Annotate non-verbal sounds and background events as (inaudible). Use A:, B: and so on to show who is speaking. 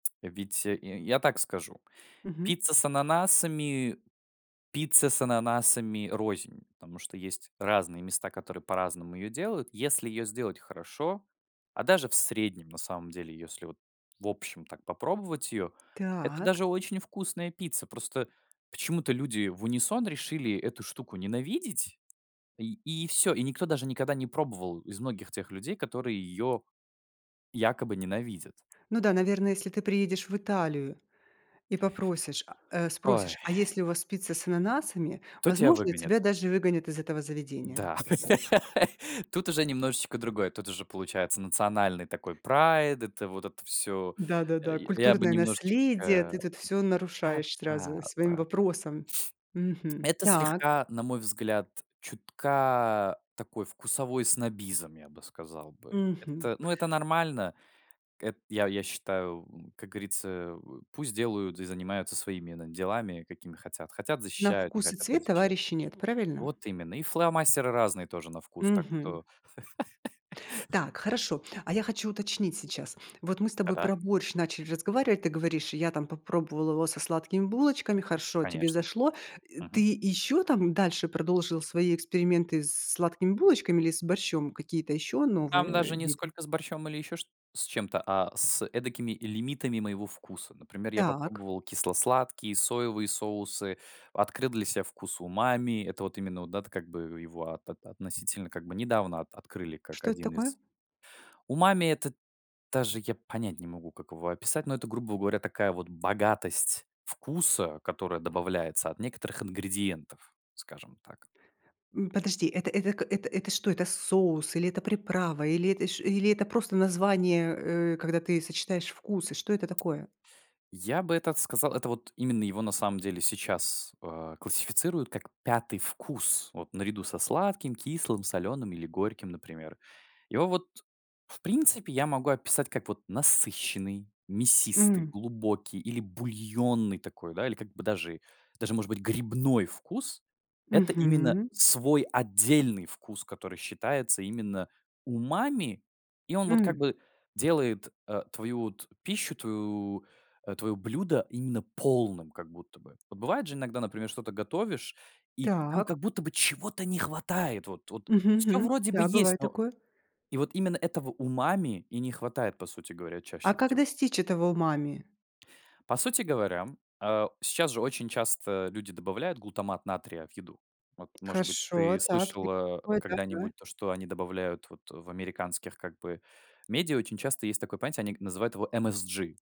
A: Ведь й я так скажу:
B: Мгм.
A: пицца с ананасами пицце с ананасами рознь, потому что есть разные места, которые по-разному её делают. Если её сделать хорошо, а даже в среднем, на самом деле, если вот в общем так попробовать её, это
B: Так.
A: даже очень вкусная пицца. Просто почему-то люди в унисон решили эту штуку ненавидеть, и и всё. И никто даже никогда не пробовал из многих тех людей, которые её якобы ненавидят.
B: Ну да, наверное, если ты приедешь в Италию и попросишь, а, э,
A: Ой.
B: спросишь: "А есть ли у вас пицца с ананасами?",
A: Кто тебя
B: Возможно, тебя
A: выгонит?
B: даже выгонят из этого заведения?
A: Да, (laughs) тут уже немножечко другое. Тут уже получается национальный такой прайд. Это вот это всё. Э,
B: Да-да-да,
A: я бы
B: культурное
A: немножечко да
B: наследие. Ты тут всё нарушаешь
A: да
B: сразу
A: да
B: своим
A: да.
B: вопросом. Мгм.
A: Это
B: Так.
A: слегка, на мой взгляд, чутка такой вкусовой снобизм, я бы сказал бы.
B: Мгм.
A: Это, ну, это нормально. Эт я я считаю, м, как говорится, э, пусть делают и занимаются своими, на делами, какими хотят. Хотят-
B: На
A: защищают, не
B: вкус и
A: хотят- не
B: цвет
A: защищают.
B: товарищей нет, правильно?
A: Вот именно. И фломастеры разные тоже на вкус. Так
B: Мгм.
A: что (laughs)
B: Так хорошо, а я хочу уточнить сейчас. Вот мы с тобой
A: Да-да?
B: про борщ начали разговаривать. Ты говоришь, я там попробовала его со сладкими булочками, хорошо, тебе
A: Конечно.
B: зашло, э. Ты
A: Мгм.
B: ещё там дальше продолжил свои эксперименты с сладкими булочками или с борщом, какие-то ещё новые
A: Там
B: э
A: даже ни
B: виды?
A: сколько с борщом или ещё чт с чем-то, а с эдакими лимитами моего вкуса. Например, я
B: Так.
A: попробовал кисло-сладкие, соевые соусы, открыл для себя вкус умами. Это вот именно, вот да вот как бы его от относительно как бы недавно от открыли как
B: Что это
A: один
B: такое?
A: из Умами это даже я понять не могу, как его описать, но это грубо говоря такая вот богатость вкуса, которая добавляется от некоторых ингредиентов, скажем так.
B: М, подожди. Это это к это, это что, это соус? Или это приправа? Или это ш или это просто название, э, когда ты сочетаешь вкусы, что это такое?
A: Я бы этот сказал, это вот именно его на самом деле сейчас, э, классифицируют как 5 вкус, вот наряду со сладким, кислым, соленым или горьким, например. Его вот, в принципе, я могу описать как вот насыщенный, мясистый,
B: М.
A: глубокий или бульонный такой, да, или как бы даже, даже может быть грибной вкус. Это именно
B: Мгм.
A: свой отдельный вкус, который считается именно умами, и он вот как
B: М.
A: бы делает, э, твою вот пищу, твою, э, твоё блюдо именно полным, как будто бы. Вот бывает же иногда, например, что-то готовишь, и там как
B: Так.
A: будто бы чего-то не хватает. Вот, вот
B: Мгм
A: всё
B: Мгм.
A: вроде бы
B: Да,
A: есть,
B: бывает
A: но
B: такое.
A: И вот именно этого умами и не хватает, по сути говоря,
B: А
A: чаще
B: как
A: всего.
B: достичь этого умами?
A: По сути говоря, а, сейчас же очень часто люди добавляют глутамат натрия в еду. Вот может быть,
B: Хорошо.
A: ты
B: Так..
A: слышала а
B: (unintelligible)
A: когда-нибудь то, что они добавляют вот. В американских как бы медиа очень часто есть такое понятие, они к называют его MSG.